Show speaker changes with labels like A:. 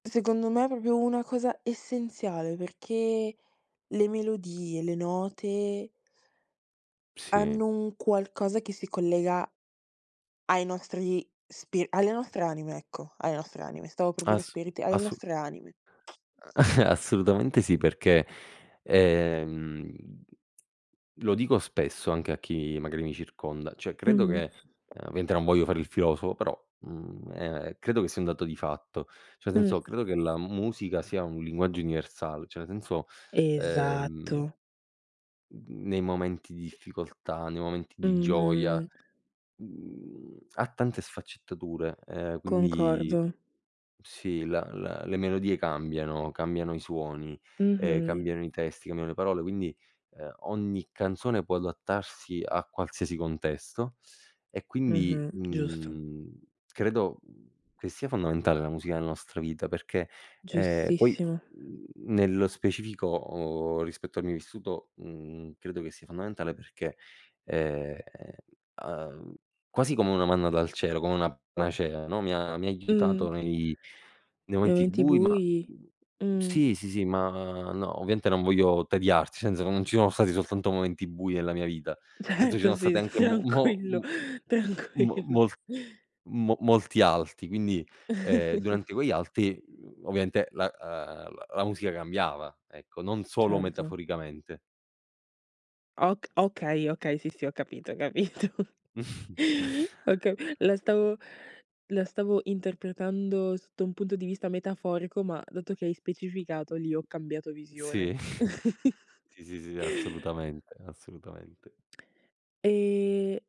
A: Secondo me è proprio una cosa essenziale, perché le melodie, le note
B: Sì.
A: hanno un qualcosa che si collega ai nostri spir alle nostre anime ecco, alle nostre anime. Stavo per dire
B: Ass
A: spiriti, alle
B: assu
A: nostre anime.
B: Ehm, assolutamente sì perché, ehm, lo dico spesso anche a chi magari mi circonda, cioè credo
A: Mh-mh.
B: che, ehm, ovviamente non voglio fare il filosofo, però, mhmm, ehm, credo che sia un dato di fatto. Cioè
A: Mh.
B: senso credo che la musica sia un linguaggio universal cioè nel senso, ehm
A: Esatto.
B: mhmm, nei momenti di difficoltà, nei momenti di gioia,
A: Mh-mh.
B: mhmm ha tante sfaccettature, ehm, quindi
A: Concordo.
B: sì, la la le melodie cambiano, cambiano i suoni, ehm,
A: Mh-mh.
B: cambiano i testi, cambiano le parole. Quindi, ehm, ogni canzone può adattarsi a qualsiasi contesto, e quindi,
A: Mh-mh. Giusto.
B: mhmm, credo, mhmm, che sia fondamentale la musica nostra vita perché, ehm, poi,
A: Giustissimo.
B: mhmm, nello specifico o rispetto al mio vissuto, mhmm, credo che sia fondamentale perché, ehm, uhm, quasi come una manna dal cielo, come una panacea, no, mi ha mi ha aiutato
A: Mh.
B: nei nei
A: Nei
B: momenti
A: momenti
B: bui, ma
A: bui?
B: mhmm,
A: Mh.
B: sì, sì, sì, ma no, ovviamente non voglio tediarti, senza non ci sono stati soltanto momenti bui nella mia vita, senso ci
A: Certo,
B: sono stati
A: sì.
B: anche mo mo
A: Tranquillo,
B: m m m mo
A: tranquillo.
B: mol mo molti alti; quindi, ehm, durante quegli alti, mhmm, ovviamente la ehm, la la musica cambiava, ecco non solo
A: Certo.
B: metaforicamente.
A: Ok okay, okay sì, sì ho capito, ho capito. Oka la stavo la stavo interpretando sotto un punto di vista metaforico, ma dato che hai specificato lì ho cambiato
B: Sì.
A: visione.
B: Sì, sì, sì, assolutamente, assolutamente.
A: E